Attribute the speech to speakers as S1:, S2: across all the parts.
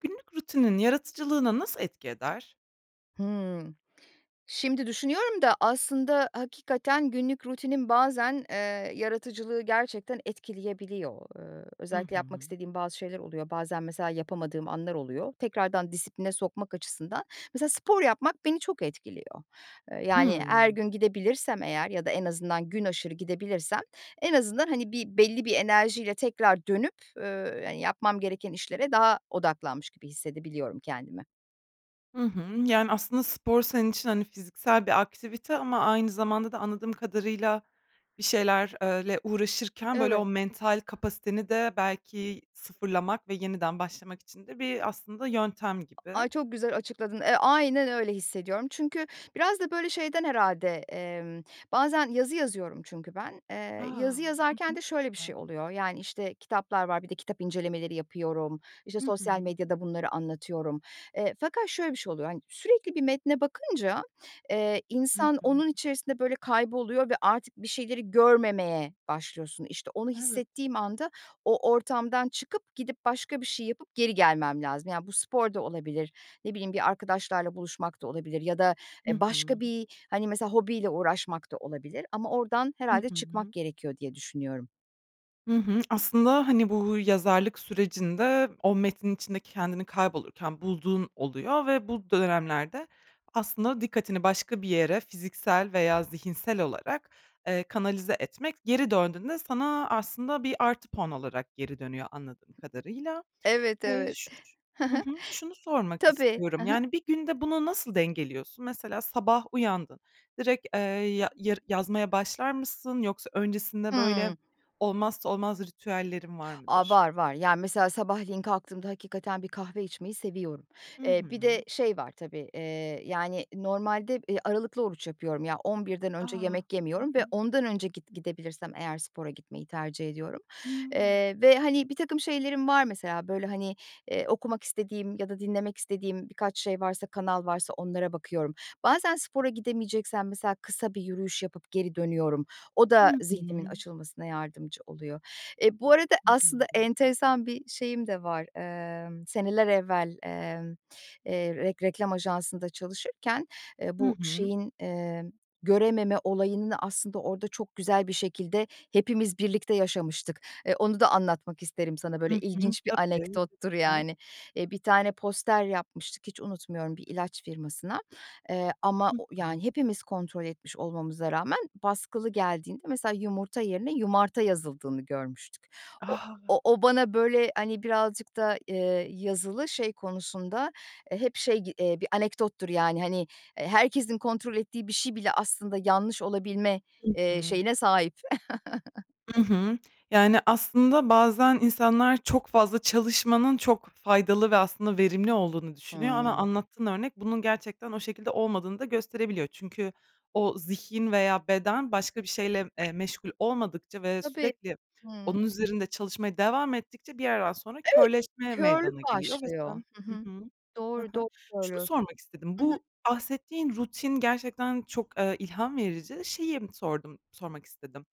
S1: Günlük rutinin yaratıcılığına nasıl etki eder?
S2: Hımm. Şimdi düşünüyorum da aslında, hakikaten, günlük rutinin bazen, eee, yaratıcılığı gerçekten etkileyebiliyor. Iıı,
S1: Hı
S2: özellikle yapmak
S1: hı.
S2: istediğim bazı şeyler oluyor. Bazen mesela, yapamadığım anlar oluyor. Tekrardan disipline sokmak açısından, mesela, spor yapmak beni çok etkiliyor. Eee, yani, her
S1: Hımm.
S2: gün gidebilirsem eğer ya da en azından günaşırı gidebilirsem en azından, hani, bir belli bir enerjiyle tekrar dönüp, ööö, yani, yapmam gereken işlere daha odaklanmış gibi hissedebiliyorum kendime.
S1: Hı hı. Yani, aslında, spor senin için, hani, fiziksel bir aktivite ama aynı zamanda da anladığım kadarıyla bir şeyler eee, le uğraşırken böyle
S2: Evet.
S1: o mental kapasiteni de belki sıfırlamak ve yeniden başlamak için de bir aslında yöntem gibi.
S2: Ay, çok güzel açıkladın. Eee, aynen, öyle hissediyorum. Çünkü biraz da böyle şeyden herhâlde, emm, bazen yazı yazıyorum çünkü ben.
S1: A!
S2: Eee, yazı
S1: Hı
S2: yazarken de
S1: hı.
S2: şöyle bir şey oluyor, yani, işte, kitaplar var, bir de kitap incelemeleri yapıyorum, işte,
S1: Hı hı.
S2: sosyal medyada
S1: Çok
S2: bunları
S1: güzel.
S2: anlatıyorum. Eee, fakat şöyle bir şey oluyor, hani, sürekli bir metne bakınca, eee,
S1: Hı
S2: insan
S1: hı.
S2: onun içerisinde böyle kayboluyor ve artık bir şeyleri görmemeye başlıyorsun. İşte, onu
S1: Evet.
S2: hissettiğim anda o ortamdan çıkıp gidip başka bir şey yapıp geri gelmem lazım. Yani, bu spor da olabilir, ne bileyim bir arkadaşlarla buluşmak da olabilir ya da,
S1: Hı
S2: eee, başka
S1: hı.
S2: bir, hani, mesela hobiyle uğraşmak da olabilir ama oradan
S1: Hı
S2: herhâlde çıkmak
S1: hı.
S2: gerekiyor diye düşünüyorum.
S1: Hı hı. Aslında, hani, bu yazarlık sürecinde o metnin içinde kendini kaybolurken bulduğun oluyor ve bu dönemlerde aslında dikkatini başka bir yere, fiziksel veya zihinsel olarak, eee, kanalize etmek, geri döndüğünde sana aslında bir artı puan olarak geri dönüyor, anladığım kadarıyla.
S2: Evet,
S1: Eee,
S2: evet. Hı
S1: şu
S2: hı.
S1: hı hı, şunu sormak
S2: Tabii. Hı
S1: istiyorum,
S2: hı.
S1: yani, bir günde bunu nasıl dengeliyorsun? Mesela sabah uyandın. Direkt, eee, ya-yar yazmaya başlar mısın? Yoksa öncesinde, böyle,
S2: Hımm.
S1: olmazsa olmaz ritüellerin var
S2: A,
S1: mıdır?
S2: var var. Yani, mesela sabahleyin kalktığımda hakikaten bir kahve içmeyi seviyorum.
S1: Hı
S2: Eee,
S1: hı.
S2: bir de şey var tabii, eee, yani, normalde, eee, aralıklı oruç yapıyorum, ya, 11'den
S1: A!
S2: önce yemek
S1: Hı
S2: yemiyorum ve
S1: hı.
S2: 10'dan önce, git gidebilirsem eğer, spora gitmeyi tercih ediyorum.
S1: Hımm.
S2: Eee, ve ,hani, birtakım şeylerim var, mesela. Böyle, hani, eee, okumak istediğim ya da dinlemek istediğim birkaç şey varsa, kanal varsa, onlara bakıyorum. Bazen spora gidemeyeceksem, mesela, kısa bir yürüyüş yapıp geri dönüyorum. O da
S1: Hı
S2: zihnimin
S1: hı.
S2: açılmasına yardımcı oluyor. Eee, bu arada,
S1: Hı
S2: aslında,
S1: hı.
S2: enteresan bir şeyim de var. Emm, seneler evvel, emm, eee, rek reklam ajansında çalışırken, eee,
S1: Hı
S2: bu
S1: hı.
S2: şeyin, emm, görememe olayını aslında, orda çok güzel bir şekilde hepimiz birlikte yaşamıştık. E, onu da anlatmak isterim sana,
S1: Hı
S2: böyle,
S1: hı.
S2: ilginç bir
S1: Tabii,
S2: anekdottur,
S1: lütfen.
S2: yani. Eee, bir tane poster yapmıştık, hiç unutmuyorum, bir ilaç firmasına. Eee, ama
S1: Hı
S2: o
S1: hı.
S2: yani, hepimiz kontrol etmiş olmamıza rağmen, baskılı geldiğinde, mesela, yumurta yerine yumarta yazıldığını görmüştük. O
S1: A!
S2: o o bana, böyle, hani, birazcık da, eee, yazılı şey konusunda, eee, hep şey gi eee, bir anekdottur, yani. Hani, eee, herkesin kontrol ettiği bir şey bile aslında yanlış olabilme,
S1: Hı
S2: eee,
S1: hı.
S2: şeyine sahip.
S1: Hı hı. Yani, aslında bazen insanlar çok fazla çalışmanın çok faydalı ve aslında verimli olduğunu düşünüyor. Ama
S2: Hıı.
S1: anlattığın örnek bunun gerçekten o şekilde olmadığını da gösterebiliyor. Çünkü o zihin veya beden başka bir şeyle, eee, meşgul olmadıkça ve
S2: Tabii.
S1: sürekli onun
S2: Hımm.
S1: üzerinde çalışmaya devam ettikçe bir yerden sonra
S2: Evet,
S1: körleşme
S2: körlük
S1: meydana geliyor ve
S2: başlıyor.
S1: sen
S2: Hı
S1: hı
S2: hı.
S1: hı, hı
S2: Doğru,
S1: hı.
S2: doğru
S1: Şunu
S2: söylüyorsun.
S1: sormak istedim;
S2: Hı hı.
S1: bu bahsettiğin rutin gerçekten çok, eee, ilham verici, şeyi sordum, sormak istedim: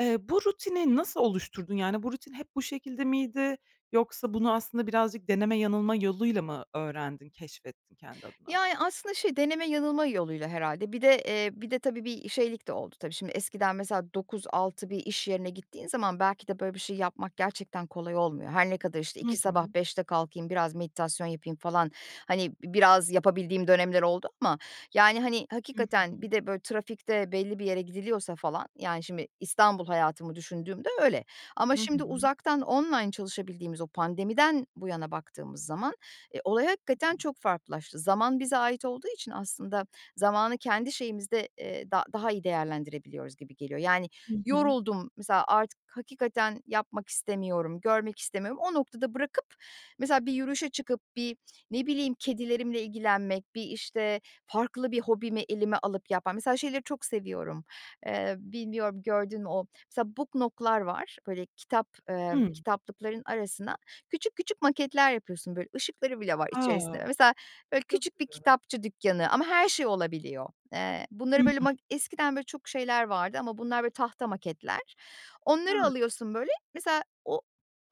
S1: Eee, bu rutini nasıl oluşturdun? Yani, bu rutin hep bu şekilde miydi? Yoksa bunu aslında birazcık deneme yanılma yoluyla mı öğrendin, keşfettin kendi adına?
S2: Yani, aslında şey, deneme yanılma yoluyla herhâlde. Bir de, eee, bir de tabii bir şeylik de oldu tabii. Şimdi, eskiden, mesela, 9.00-18.00 bir iş yerine gittiğin zaman, belki de böyle bir şey yapmak gerçekten kolay olmuyor. Her ne kadar, işte,
S1: Hı
S2: 2 sabah,
S1: hı.
S2: 5'te kalkayım, biraz meditasyon yapayım falan, hani, bi biraz yapabildiğim dönemler oldu ama, yani, hani,
S1: Hı
S2: hakikaten
S1: hı.
S2: bir de, böyle, trafikte belli bir yere gidiliyorsa falan, yani, şimdi İstanbul hayatımı düşündüğümde öyle. Ama
S1: Hı
S2: şimdi
S1: hı.
S2: uzaktan, online çalışabildiğimiz, o pandemiden bu yana baktığımız zaman, eee, olay hakikaten çok farklılaştı. Zaman bize ait olduğu için aslında zamanı kendi şeyimizde, eee, da daha iyi değerlendirebiliyoruz gibi geliyor. Yani,
S1: Hı hı.
S2: yoruldum, mesela, artık hakikaten yapmak istemiyorum, görmek istemiyorum. O noktada bırakıp, mesela, bir yürüyüşe çıkıp, bir, ne bileyim, kedilerimle ilgilenmek, bir, işte, farklı bir hobimi elime alıp yapma mesela, şeyleri çok seviyorum, eee, bilmiyorum gördün mü? O, mesela book nook'lar var. Böyle, kitap, eee,
S1: Hı.
S2: kitaplıkların arasına küçük küçük maketler yapıyorsun, böyle, ışıkları bile var içerisinde.
S1: A!
S2: Mesela, böyle,
S1: Çok
S2: küçük bir
S1: güzel.
S2: kitapçı dükkanı ama her şey olabiliyor. Eee,
S1: Hı
S2: bunları, böyle,
S1: hı.
S2: ma eskiden böyle çok şeyler vardı. Ama bunlar, böyle, tahta maketler.
S1: A!
S2: Onları
S1: Çok
S2: alıyorsun, böyle, mesela, o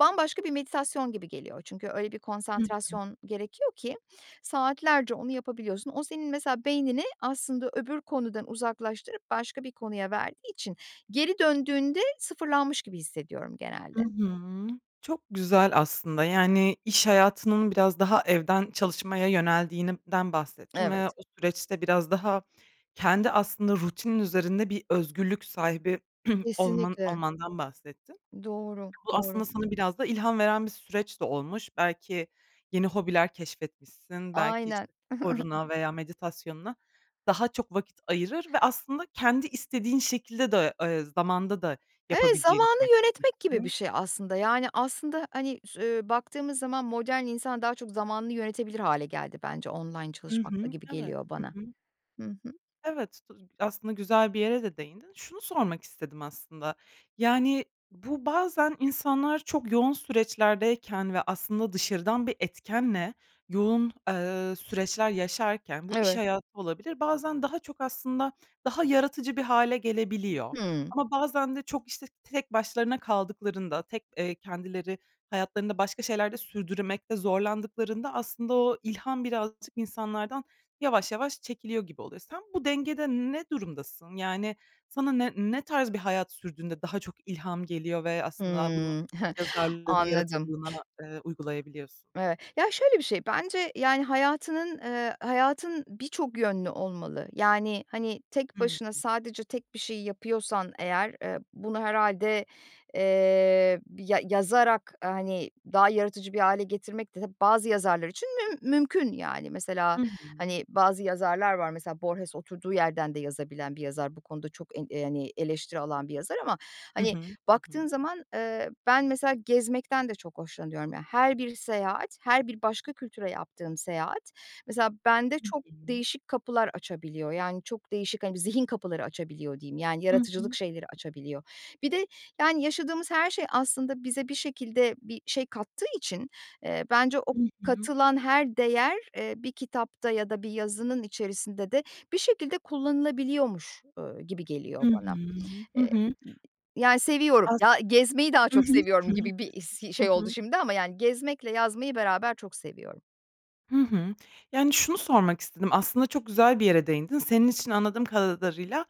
S2: bambaşka bir meditasyon gibi geliyor. Çünkü öyle bir
S1: Hı hı.
S2: konsantrasyon gerekiyor ki saatlerce onu yapabiliyorsun. O senin, mesela, beynini aslında öbür konudan uzaklaştırıp başka bir konuya verdiği için geri döndüğünde sıfırlanmış gibi hissediyorum
S1: Hı
S2: genelde.
S1: hı. Çok güzel aslında, yani, iş hayatının biraz daha evden çalışmaya yöneldiğinden bahsettin
S2: Evet.
S1: ve o süreçte biraz daha kendi aslında rutinin üzerinde bir özgürlük sahibi olman
S2: Kesinlikle.
S1: olmandan bahsettin.
S2: Doğru.
S1: Bu
S2: Doğru.
S1: aslında sana biraz da ilham veren bir süreç de olmuş. Belki yeni hobiler keşfetmişsin, belki,
S2: Aynen.
S1: işte, sporuna veya meditasyonuna daha çok vakit ayırır ve aslında kendi istediğin şekilde de, eee, zamanda da
S2: Evet,
S1: yapabileceğini
S2: zamanı
S1: fark
S2: yönetmek gibi bir
S1: etmişsin.
S2: şey aslında. Yani, aslında, hani, sü eee, baktığımız zaman modern insan daha çok zamanını yönetebilir hâle geldi bence online
S1: Hı
S2: çalışmakla
S1: hı.
S2: gibi
S1: Evet.
S2: geliyor
S1: Hı
S2: bana.
S1: hı.
S2: Hı hı.
S1: Evet, tu aslında güzel bir yere de değindin. Şunu sormak istedim aslında. Yani, bu bazen insanlar çok yoğun süreçlerdeyken ve aslında dışarıdan bir etkenle yoğun, eee, süreçler yaşarken, bu iş
S2: Evet.
S1: hayatı olabilir, bazen daha çok aslında daha yaratıcı bir hâle gelebiliyor.
S2: Hımm.
S1: Ama bazen de çok, işte, tek başlarına kaldıklarında, tek, eee, kendileri hayatlarında başka şeyler de sürdürmekte zorlandıklarında aslında o ilham birazcık insanlardan yavaş yavaş çekiliyor gibi oluyor. Sen bu dengede ne durumdasın? Yani, sana ne ne tarz bir hayat sürdüğünde daha çok ilham geliyor ve aslında bunu
S2: Hıı.
S1: yazarlığına,
S2: Anladım.
S1: yaratıcılığına, eee, uygulayabiliyorsun?
S2: Evet. Ya, şöyle bir şey: Bence, yani, hayatının, eee, hayatın birçok yönlü olmalı. Yani, hani, tek
S1: Hı
S2: başına
S1: hı.
S2: sadece tek bir şey yapıyorsan, eğer, eee, bunu herhâlde, eee, ya yazarak, hani, daha yaratıcı bir hâle getirmek de bazı yazarlar için müm mümkün, yani.
S1: Hı
S2: Mesela,
S1: hı.
S2: hani, bazı yazarlar var, mesela Borges, oturduğu yerden de yazabilen bir yazar, bu konuda çok en eee, yani eleştiri alan bir yazar ama,
S1: Hı hı.
S2: hani,
S1: Hı hı.
S2: baktığın zaman, eee, ben, mesela, gezmekten de çok hoşlanıyorum. Ya, her bir seyahat, her bir başka kültüre yaptığım seyahat, mesela, bende
S1: Hı
S2: çok
S1: hı.
S2: değişik kapılar açabiliyor. Yani, çok değişik, hani, bir zihin kapıları açabiliyor diyeyim. Yani,
S1: Hı
S2: yaratıcılık
S1: hı.
S2: şeyleri açabiliyor. Bir de, yani, yaşadığımız her şey aslında bize bir şekilde bir şey kattığı için, eee, bence o
S1: Hı hı.
S2: katılan her değer, eee, bir kitapta ya da bir yazının içerisinde de bir şekilde kullanılabiliyormuş, eee, gibi
S1: Hı
S2: geliyor bana.
S1: hı. Hı
S2: Eee,
S1: hı.
S2: yani, seviyorum,
S1: As
S2: ya, gezmeyi daha
S1: Hı hı,
S2: çok
S1: hı
S2: seviyorum
S1: hı,
S2: gibi
S1: hı
S2: bir is şey
S1: hı, hı
S2: oldu
S1: hı.
S2: şimdi ama, yani, gezmekle yazmayı beraber çok seviyorum.
S1: Hı hı. Yani, şunu sormak istedim aslında çok güzel bir yere değindin. Senin için anladığım kadarıyla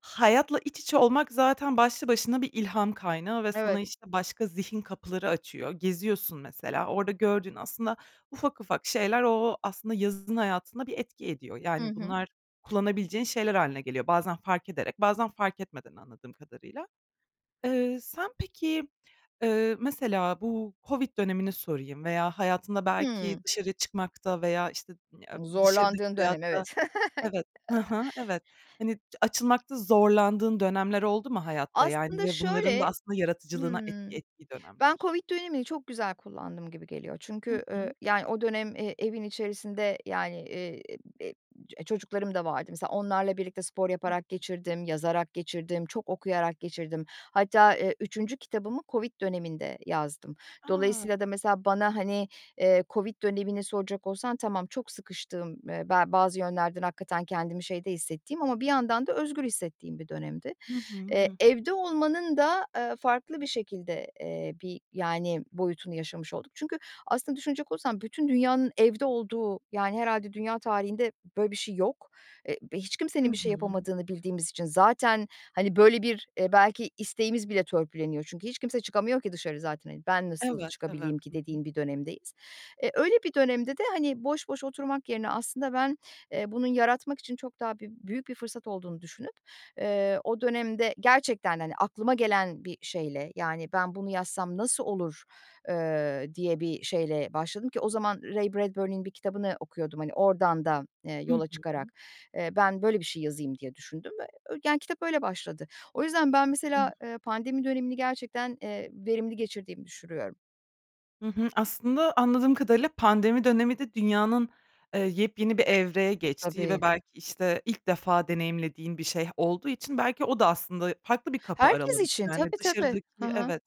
S1: hayatla iç içe olmak zaten başlı başına bir ilham kaynağı ve sana,
S2: Evet.
S1: işte, başka zihin kapıları açıyor. Geziyorsun mesela, orada gördüğün aslında ufak ufak şeyler, o o, aslında yazın hayatında bir etki ediyor.
S2: Hı
S1: Yani,
S2: hı.
S1: bunlar kullanabileceğin şeyler hâline geliyor bazen fark ederek, bazen fark etmeden anladığım kadarıyla. Eee, sen peki, eee, mesela bu Covid dönemini sorayım veya hayatında belki
S2: Hıı.
S1: dışarı çıkmakta veya işte ı em, dışarıdaki
S2: Zorlandığın dönem,
S1: hayata
S2: evet.
S1: evet hı hı, evet. Hani, açılmakta zorlandığın dönemler oldu mu hayatta? Yani,
S2: Aslında
S1: ve bunların da
S2: şöyle,
S1: aslında yaratıcılığına
S2: hıı,
S1: etki ettiği
S2: ben
S1: dönemler...
S2: Covid dönemini çok güzel kullandım gibi geliyor.
S1: Hı
S2: Çünkü, eee,
S1: hı.
S2: yani, o dönem, eee, evin içerisinde, yani, eee, e-em çocuklarım da vardı. Mesela onlarla birlikte spor yaparak geçirdim, yazarak geçirdim, çok okuyarak geçirdim. Hatta, eee, 3. kitabımı Covid döneminde yazdım.
S1: A!
S2: Dolayısıyla da mesela bana, hani, eee, Covid dönemini soracak olsan tamam çok sıkıştığım, eee, be bazı yönlerden hakikaten kendimi şeyde hissettiğim ama bir yandan da özgür hissettiğim bir dönemdi.
S1: Hı hı. Hı
S2: Eee,
S1: hı.
S2: evde olmanın da, eee, farklı bir şekilde, eee, bir, yani, boyutunu yaşamış olduk. Çünkü aslında düşünecek olursan bütün dünyanın evde olduğu, yani, herhâlde dünya tarihinde böyle bir şey yok. Eee, bi hiç
S1: Hı
S2: kimsenin bir şey
S1: hı.
S2: yapamadığını bildiğimiz için zaten, hani, böyle bir, eee, belki isteğimiz bile törpüleniyor çünkü hiç kimse çıkamıyor ki dışarı zaten, eee, ben nasıl
S1: Evet, evet.
S2: çıkabileyim ki,
S1: Hı hı.
S2: dediğin bir dönemdeyiz. Eee, öyle bir dönemde de, hani, boş boş oturmak yerine aslında ben, eee, bunun yaratmak için çok daha bü büyük bir fırsat olduğunu düşünüp, eee, o dönemde gerçekten, hani, aklıma gelen bir şeyle, yani, ben bunu yazsam nasıl olur, eee, diye bir şeyle başladım ki o zaman Ray Bradbury'nin bir kitabını okuyordum, hani, oradan da, eee,
S1: Hı
S2: yola
S1: hı.
S2: çıkarak. Eee, ben böyle bir şey yazayım diye düşündüm ve ö yani, kitap öyle başladı. O yüzden ben
S1: Hıı.
S2: mesela, eee, pandemi dönemini gerçekten, eee, verimli geçirdiğimi düşürüyorum.
S1: Hı hı. Aslında anladığım kadarıyla pandemi dönemi de dünyanın, eee, yepyeni bir evreye geçtiği ve
S2: Tabii.
S1: belki işte ilk defa deneyimlediğin bir şeyh olduğu için belki o da aslında farklı bir kapı
S2: Herkes
S1: aralamış,
S2: için,
S1: yani,
S2: tabi tabi. Hı
S1: dışarıdaki
S2: hı.
S1: evet,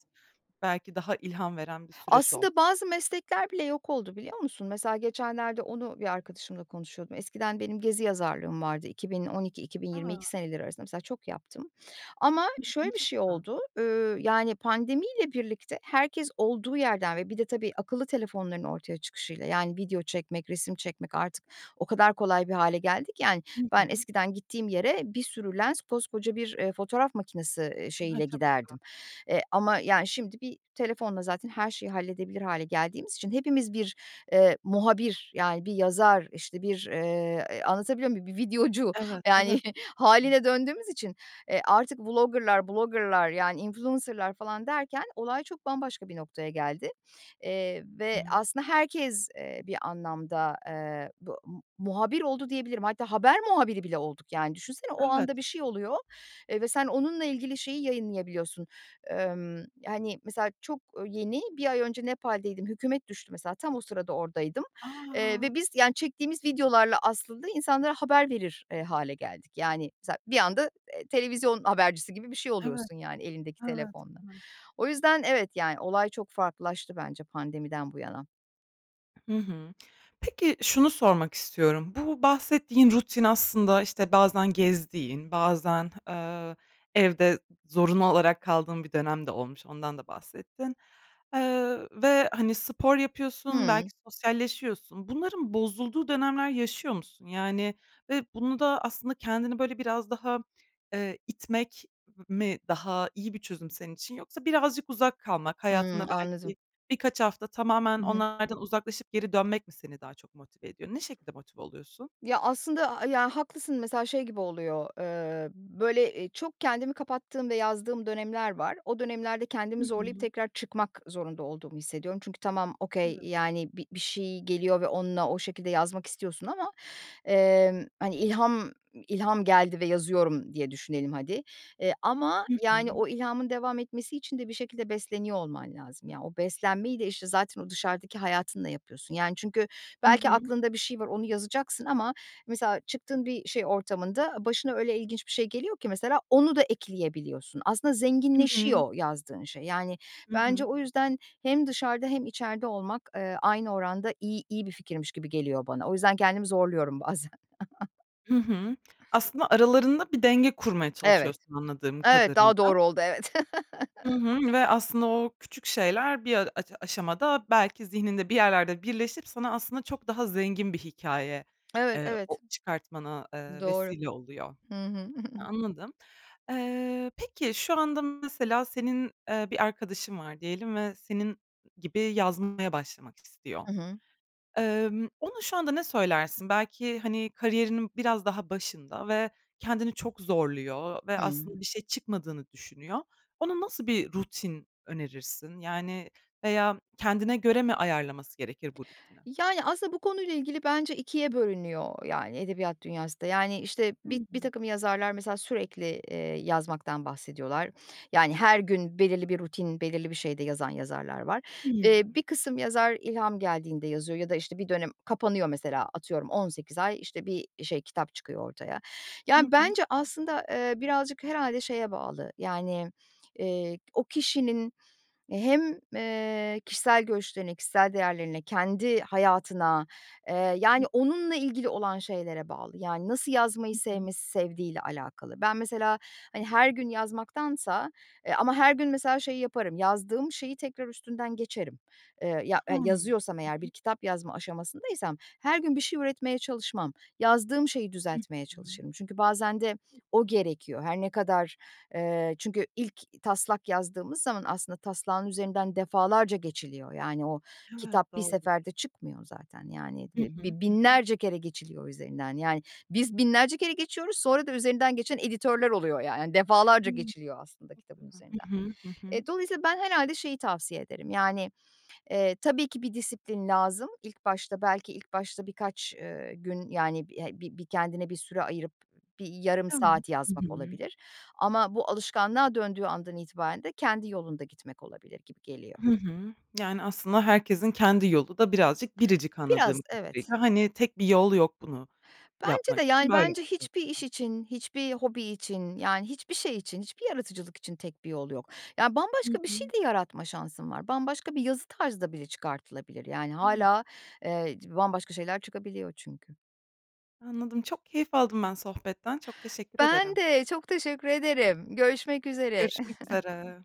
S1: belki daha ilham veren bir süreç olmuş.
S2: Aslında bazı meslekler bile yok oldu biliyor musun? Mesela geçenlerde onu bir arkadaşımla konuşuyordum. Eskiden benim gezi yazarlığım vardı 2012, iki bin yirmi
S1: A!
S2: iki seneleri arasında mesela çok yaptım ama
S1: Hı hı.
S2: şöyle bir
S1: Çok
S2: şey
S1: güzel.
S2: oldu, ııı, yani, pandemiyle birlikte herkes olduğu yerden ve bir de, tabii, akıllı telefonların ortaya çıkışıyla, yani, video çekmek, resim çekmek artık o kadar kolay bir hâle geldi ki, yani,
S1: Hı
S2: ben
S1: hı.
S2: eskiden gittiğim yere bir sürü lens, koskoca bir, eee, fotoğraf makinesi, eee,
S1: Ha ha.
S2: şeyiyle
S1: Çok güzel.
S2: giderdim, eee, ama, yani, şimdi bir telefonla zaten her şeyi halledebilir hâle geldiğimiz için hepimiz bir, eee, muhabir, yani, bir yazar, işte bir, eee, anlatabiliyor muyum? Bir videocu,
S1: Evet.
S2: yani,
S1: Evet.
S2: hâliyle döndüğümüz için, e, artık vlogger'lar, blogger'lar, yani, influencer'lar falan derken olay çok bambaşka bir noktaya geldi, eee, ve
S1: Hıı.
S2: aslında herkes, eee, bir anlamda, eee, bu mu muhabir oldu diyebilirim. Hatta haber muhabiri bile olduk, yani, düşünsene o
S1: Evet.
S2: anda bir şey oluyor, eee, ve sen onunla ilgili şeyi yayınlayabiliyorsun. Emm, yani, mesela çok yeni 1 ay önce Nepal'deydim, hükûmet düştü, mesela tam o sırada oradaydım, eee,
S1: A!
S2: ve biz, yani, çektiğimiz videolarla aslında insanlara haber verir hâle geldik. Yani, za bir anda, eee, televizyon habercisi gibi bir şey
S1: Evet.
S2: oluyorsun, yani, elindeki
S1: Evet.
S2: telefonla.
S1: Evet.
S2: O yüzden evet, yani, olay çok farklılaştı bence pandemiden bu yana.
S1: Hı hı. Peki şunu sormak istiyorum. Bu bahsettiğin rutin aslında, işte, bazen gezdiğin bazen, aaa, evde zorunlu olarak kaldığın bir dönem de olmuş, ondan da bahsettin. Eee, ö ve, hani, spor yapıyorsun belki
S2: Hımm.
S1: sosyalleşiyorsun. Bunların bozulduğu dönemler yaşıyor musun? Yani, ve bunu da aslında kendini böyle biraz daha, eee, itmek m mi daha iyi bir çözüm senin için yoksa birazcık uzak kalmak,
S2: Hıı.
S1: hayatında
S2: Anladım.
S1: belki birkaç hafta tamamen
S2: I hı.
S1: onlardan uzaklaşıp geri dönmek mi seni daha çok motive ediyor? Ne şekilde motive oluyorsun?
S2: Ya, aslında a a ya, haklısın mesela şey gibi oluyor, eee, böyle, eee, çok kendimi kapattığım ve yazdığım dönemler var. O dönemlerde
S1: Hı
S2: kendimi zorlayıp
S1: hı.
S2: tekrar çıkmak zorunda olduğumu hissediyorum. Çünkü tamam, okay,
S1: Evet.
S2: yani, bi bir şey geliyor ve onunla o şekilde yazmak istiyorsun ama, emm, hani, ilham ilham geldi ve yazıyorum diye düşünelim hadi, eee, ama,
S1: Hı
S2: yani,
S1: hı.
S2: o ilhamın devam etmesi için de bir şekilde besleniyor olman lazım. Ya, o beslenmeyi de, işte, zaten o dışarıdaki hayatınla yapıyorsun. Yani, çünkü
S1: Hı
S2: belki
S1: hı.
S2: aklında bir şey var, onu yazacaksın ama mesela çıktığın bir şey ortamında başına öyle ilginç bir şey geliyor ki mesela onu da ekleyebiliyorsun. Aslında
S1: Hı hı.
S2: zenginleşiyor yazdığın şey. Yani,
S1: Hı
S2: bence
S1: hı.
S2: o yüzden hem dışarıda hem içeride olmak, eee, aynı oranda iyi iyi bir fikirmiş gibi geliyor bana. O yüzden kendimi zorluyorum bazen
S1: Hı hı. Aslında aralarında bir denge kurmaya
S2: Evet.
S1: çalışıyorsun anladığım
S2: Evet, daha
S1: kadarıyla.
S2: doğru oldu. Evet.
S1: Hı hı, ve aslında o küçük şeyler bir a aca aşamada belki zihninde bir yerlerde birleşip sana aslında çok daha zengin bir hikâye,
S2: Evet,
S1: eee, o
S2: evet.
S1: çıkartmana, eee,
S2: Doğru.
S1: vesile oluyor.
S2: Hı hı.
S1: A anladım. Eee, peki şu anda mesela senin, eee, bir arkadaşın var diyelim ve senin ı gibi yazmaya başlamak istiyor.
S2: I hı.
S1: Emm, ona şu anda ne söylersin? Belki, hani, kariyerinin biraz daha başında ve kendini çok zorluyor ve
S2: Hımm.
S1: aslında bir şey çıkmadığını düşünüyor. Ona nasıl bir rutin önerirsin? Yani, veya kendine göre mi ayarlaması gerekir bu rutini?
S2: Yani, aslında bu konuyla ilgili bence 2'ye bölünüyor, yani, edebiyat dünyası da. Yani, işte,
S1: Hı
S2: bi
S1: hı.
S2: birtakım yazarlar mesela sürekli, eee, yazmaktan bahsediyorlar. Yani, her gün belirli bir rutin, belirli bir şeyde yazan yazarlar var. Eee,
S1: Hımm.
S2: bir kısım yazar ilham geldiğinde yazıyor ya da, işte, bir dönem kapanıyor mesela atıyorum 18 ay, işte, bir şey kitap çıkıyor ortaya.
S1: Hı
S2: Yani,
S1: hı.
S2: bence aslında, eee, birazcık herhâlde şeye bağlı, yani, eee, o kişinin hem, eee, kişisel görüşlerine, kişisel değerlerine, kendi hayatına, eee, yani, onunla ilgili olan şeylere bağlı, yani, nasıl yazmayı
S1: Hı hı.
S2: sevmesi, sevdiğiyle alakalı. Ben mesela, hani, her gün yazmaktansa eee, ama her gün mesela şeyi yaparım, yazdığım şeyi tekrar üstünden geçerim. Eee, ya e
S1: Hımm.
S2: yazıyorsam
S1: Hı
S2: eğer bir
S1: hı.
S2: kitap yazma aşamasındaysam, her gün bir şey üretmeye çalışmam, yazdığım şeyi
S1: Hı
S2: düzeltmeye
S1: hı.
S2: çalışırım. Çünkü bazen de o
S1: [unintelligible]
S2: gerekiyor. Her ne kadar eee, çünkü ilk taslak yazdığımız zaman aslında taslağın üzerinden defalarca geçiliyor. Yani, o
S1: Evet,
S2: kitap bir
S1: doğru.
S2: seferde çıkmıyor zaten. Yani
S1: Hı
S2: ve
S1: hı.
S2: b bi
S1: Hı hı.
S2: binlerce kere geçiliyor üzerinden. Yani, biz binlerce kere geçiyoruz sonra da üzerinden geçen editörler oluyor ya yani, defalarca
S1: [unintelligible]
S2: geçiliyor aslında
S1: Çok
S2: kitabın
S1: güzel.
S2: üzerinden.
S1: Hı hı. Hı hı.
S2: Eee, dolayısıyla ben herhâlde şeyi tavsiye ederim, yani, eee, tabii ki bir disiplin lazım. İlk başta belki ilk başta birkaç, eee, gün, yani, bi he bi bir kendine bir süre ayırıp bir yarım saat
S1: Evet. Hı
S2: yazmak
S1: hı.
S2: olabilir. Ama bu alışkanlığa döndüğü andan itibaren de kendi yolunda gitmek olabilir gibi geliyor.
S1: Hı hı. Yani, aslında herkesin kendi yolu da birazcık biricik
S2: Biraz.
S1: anladığım
S2: Evet.
S1: kadarıyla. Hani, tek bir yol yok bunu
S2: Bence de,
S1: yapmak için.
S2: yani,
S1: Böyle
S2: bence
S1: bakıyorsun
S2: hiçbir iş
S1: sen.
S2: için, hiçbir hobi için, yani, hiçbir şey için, hiçbir yaratıcılık için tek bir yol yok. Yani,
S1: Hı
S2: bambaşka bir şey
S1: hı.
S2: de yaratma şansın var. Bambaşka bir yazı tarzı da bile çıkartılabilir, yani,
S1: Evet.
S2: hâlâ, eee, c bambaşka şeyler çıkabiliyor çünkü.
S1: Anladım, çok keyif aldım ben sohbetten. Çok teşekkür
S2: Ben
S1: ederim.
S2: de. Çok teşekkür ederim. Görüşmek üzere.
S1: Görüşmek üzere.